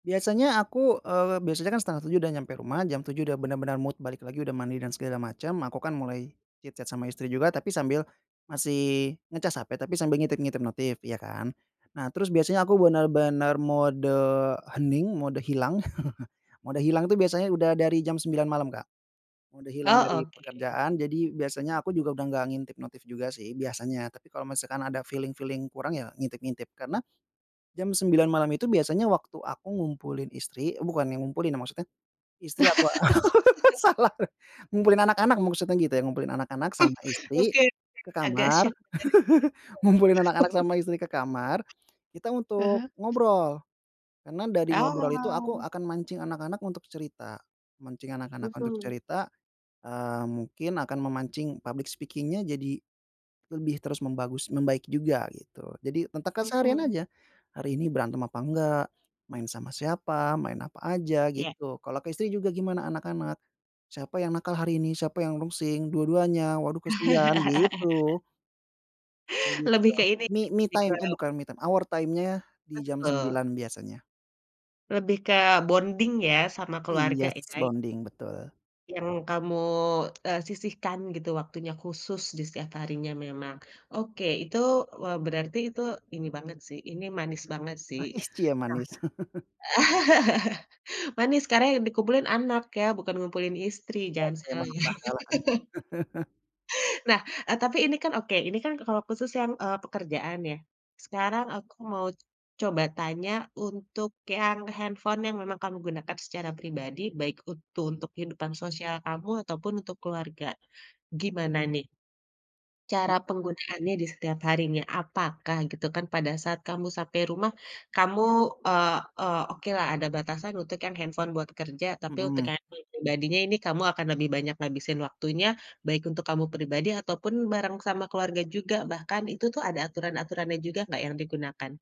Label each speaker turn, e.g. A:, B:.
A: Biasanya aku, eee, biasanya kan 6.30 udah nyampe rumah, jam 7.00 udah bener-bener mood balik lagi, udah mandi dan segala macam, aku kan mulai chit-chat sama istri juga, tapi sambil masih ngecas HP, tapi sambil ngintip-ngintip notif, iya, kan. Nah, terus biasanya aku bener-bener mode hening, mode hilang mode hilang itu biasanya udah dari jam 9.00 malam, Kak. Mode hilang
B: Oh,
A: dari
B: oke.
A: pekerjaan. Jadi, biasanya aku juga udah nggak ngintip notif juga sih, biasanya. Tapi kalau misalkan ada feeling-feeling kurang, ya ngintip-ngintip. Karena, jam 9.00 malam itu biasanya waktu aku ngumpulin istri eh, bukannya ngumpulin ya, maksudnya istri aku a salah. Ngumpulin anak-anak maksudnya gitu ya, ngumpulin anak-anak sama istri
B: Oke,
A: ke
B: agak
A: kamar
B: syok,.
A: ngumpulin
B: [unintelligible]
A: anak-anak sama istri ke kamar, kita
B: Ah
A: untuk
B: hah.
A: ngobrol. Karena dari ngobrol itu aku
B: Oh!
A: akan mancing anak-anak untuk cerita. Mancing anak-anak untuk
B: Mhm.
A: cerita, eee, mungkin akan memancing public speaking-nya jadi lebih terus membagus membaik juga, gitu. Jadi, tentang keseharian
B: Mhm.
A: aja, "Hari ini berantem apa enggak? Main sama siapa? Main apa aj?"
B: Iya.
A: gitu. Kalau ke istri juga, "Gimana anak-anak? Siapa yang nakal hari ini? Siapa yang rungsing? Dua-duanya? Waduh, kasihan," gitu. Gitu,
B: Lebih ke
A: dong.
B: ini
A: Me
B: nggak sih,
A: me
B: lebih ke
A: time. Eh, bukan me time, our time-nya di jam
B: Betul.
A: 9.00 biasanya.
B: Lebih ke bonding, ya, sama keluarga,
A: Iyes
B: ya?
A: bonding, betul.
B: Yang kamu, eee, sisihkan gitu waktunya khusus di setiap harinya memang. Oke, itu, eee, berarti itu ini banget sih, ini manis banget, sih.
A: Manis, cie,
B: Nah
A: manis.
B: manis, karena yang dikumpulin anak ya, bukan ngumpulin istri,
A: Betul,
B: jangan salah,
A: emang
B: ya.
A: [unintelligible] salah tadi.
B: Nah, eee, tapi ini kan oke, ini kan kalau khusus yang, eee, pekerjaan, ya. Sekarang aku mau coba tanya, untuk yang handphone yang memang kamu gunakan secara pribadi, baik untu untuk kehidupan sosial kamu, ataupun untuk keluarga. Gimana, nih
A: He
B: cara penggunaannya di setiap harinya? Apakah, gitu kan, pada saat kamu sampai rumah, kamu eee eee, okelah ada batasan untuk yang handphone buat kerja. Tapi, untuk
A: Mhm.
B: handphone yang pribadinya ini kamu akan lebih banyak ngabisin waktunya, baik untuk kamu pribadi ataupun bareng sama keluarga juga bahkan. Itu tuh ada aturan-aturannya juga nggak yang digunakan?